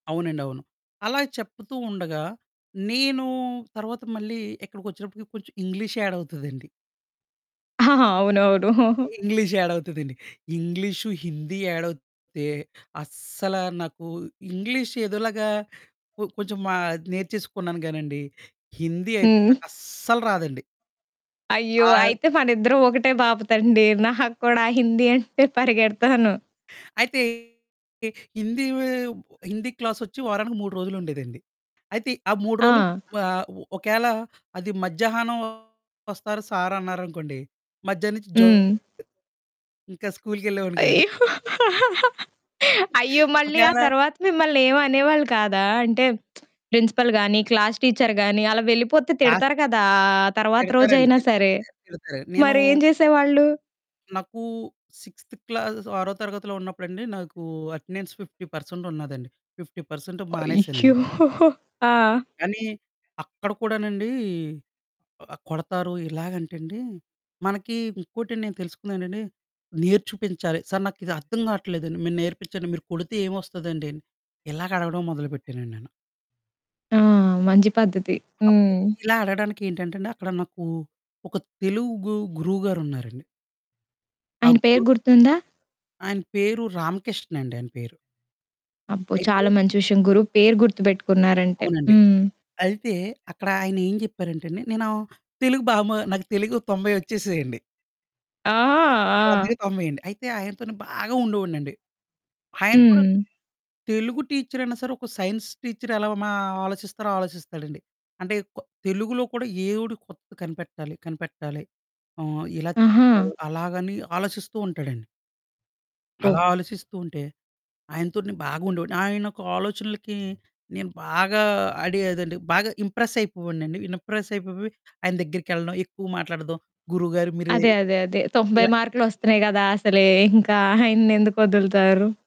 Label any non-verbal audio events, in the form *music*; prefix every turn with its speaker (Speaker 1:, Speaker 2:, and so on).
Speaker 1: అవునండి అవును. అలా చెప్తూ ఉండగా, నేను తర్వాత మళ్ళీ, ఇక్కడికి వచ్చినప్పటికి కొంచెం ఇంగ్లీష్ యాడ్ అవుతదండి.
Speaker 2: ఆహాహా! అవునవును. *chuckles*
Speaker 1: ఇంగ్లీష్ యాడ్ అవుతుందండి. ఇంగ్లీషు, హిందీ యాడ్ అవుతే, అస్సల నాకు ఇంగ్లీష్ ఏదోలాగా కొ కొంచెం మా నేర్చేసుకున్నాను కానండి, హిందీ అయితే
Speaker 2: హ్మ్.
Speaker 1: నాకస్సలు రాదండి.
Speaker 2: అయ్యో!
Speaker 1: ఆ
Speaker 2: అయితే మన ఇద్దరం ఒకటే బాపతండి. నాకు కూడా హిందీ అంటే పరిగెడతాను.
Speaker 1: అయితే హిందీ వే హిందీ క్లాసొచ్చి వారానికి 3 రోజులుండేదండి. అయితే ఆ 3 రోజులు
Speaker 2: ఆ!
Speaker 1: ఆహ్, ఒ ఒకేళ అది మధ్యాహ్నం ఒస్తారు సారన్నారనుకోండి, మధ్యానం నుంచి జంప్
Speaker 2: హ్మ్.
Speaker 1: *giggles* ఇంకా స్కూలుకెళ్ళేవాడిని కాదు.
Speaker 2: అయ్యో! *laughs* అయ్యో!
Speaker 1: *giggles*
Speaker 2: మళ్ళీ ఆ
Speaker 1: ఒకేళ
Speaker 2: తరువాత మిమ్మల్ని ఏం అనేవాళ్ళు కాదా! అంటే *smacks lips* ప్రిన్సిపల్ గాని, క్లాస్ టీచర్ గాని, అలా వెళ్ళిపోతే
Speaker 1: క్లాస్
Speaker 2: తిడతారు కదా! ఆ తరువాత రోజు
Speaker 1: తిడతారండి.
Speaker 2: అయినా
Speaker 1: తిడ్
Speaker 2: సరే.
Speaker 1: ఆహ్, తిడతారు. నేనూ
Speaker 2: మరి ఏం చేసేవాళ్ళు?
Speaker 1: నాకూ సిక్స్త్ క్లాసెసొ, ఆరో తరగతిలో ఉన్నప్పుడండి, నాకూ అటెండెన్స్ 50 పర్సెంట్ ఉన్నాదండి. 50 పర్సెంటు
Speaker 2: అయ్యో!
Speaker 1: మానేసానండి.
Speaker 2: *chuckles* ఆ!
Speaker 1: కానీ, అక్కడ కూడానండీ, ఆహ్, కొడతారు ఇలాగంటండి. మనకీ ఇంకోటి నేను తెలుసుకున్నానండి, నేర్ చుపించాలి, "సారు నాకిది అర్థం కావట్లేదండి, మీరు నేర్పించండి, మీరు కొడితే ఏమొస్తదండి." అని ఇలాగ అడగడం మొదలుపెట్టానండి నేను.
Speaker 2: ఆ! మంచి పద్ధతి.
Speaker 1: అప్పుడు
Speaker 2: హ్మ్.
Speaker 1: ఇలా అడగడానికి ఏంటంటే అండి, అక్కడ నాకూ ఒక తెలుగు గురువుగారున్నారండి. ఆ
Speaker 2: ఆయన పేరు
Speaker 1: గురు
Speaker 2: గుర్తుందా?
Speaker 1: ఆయన పేరు, రామకృష్ణ అండి. ఆయన పేరు.
Speaker 2: అబ్బో! చాలా
Speaker 1: అయితే
Speaker 2: మంచి విషయం, గురువు పేరు గుర్తుపెట్టుకున్నారంటే.
Speaker 1: అవునండి.
Speaker 2: హ్మ్.
Speaker 1: అయితే, అక్కడ ఆయనేం చెప్పారంటే అండి. నేను తెలుగు బా మా నాకు తెలుగు 90 వచ్చేసేయండి.
Speaker 2: ఆ!
Speaker 1: 100కి
Speaker 2: *giggles* ఆ!
Speaker 1: 90 అండి. అయితే ఆయనతోనే బాగా ఉండేవాడినండి. ఆయన కూడా,
Speaker 2: హ్మ్.
Speaker 1: తెలుగు టీచరయినా సరే, ఒక సైన్స్ టీచర్ ఎలా మా ఆలోచిస్తారో ఆలోచిస్తాడండి. అంటే కొ తెలుగులో కూడా ఏవుడు కొత్తది కనిపెట్టాలి కనిపెట్టాలి అహ్, ఇలా చేశారు
Speaker 2: ఆహా!
Speaker 1: అలాగని ఆలోచిస్తూ ఉంటాడండి.
Speaker 2: ఓహ్!
Speaker 1: అలా ఆలోచిస్తూ ఉంటే, ఆయనతో నేను బాగుండేవాడిని. ఆయన యొక్క ఆలోచనలకి, నేను బాగా ఆడి అదండి బాగా ఇంప్రెస్ అయిపోయేవాడినండి. ఇనప్రెస్ అయిపొపోయి, ఆయన దగ్గరికి కెళ్ళడం, ఎక్కువ మాట్లాడదం, గురువుగారు మీరే
Speaker 2: అదే, అదే, అదే 90
Speaker 1: ఇలా
Speaker 2: మార్కులు వస్తున్నాయి కదా అసలె. ఇంకా *giggles* ఆయన్ని ఎందుకు వదులుతారు.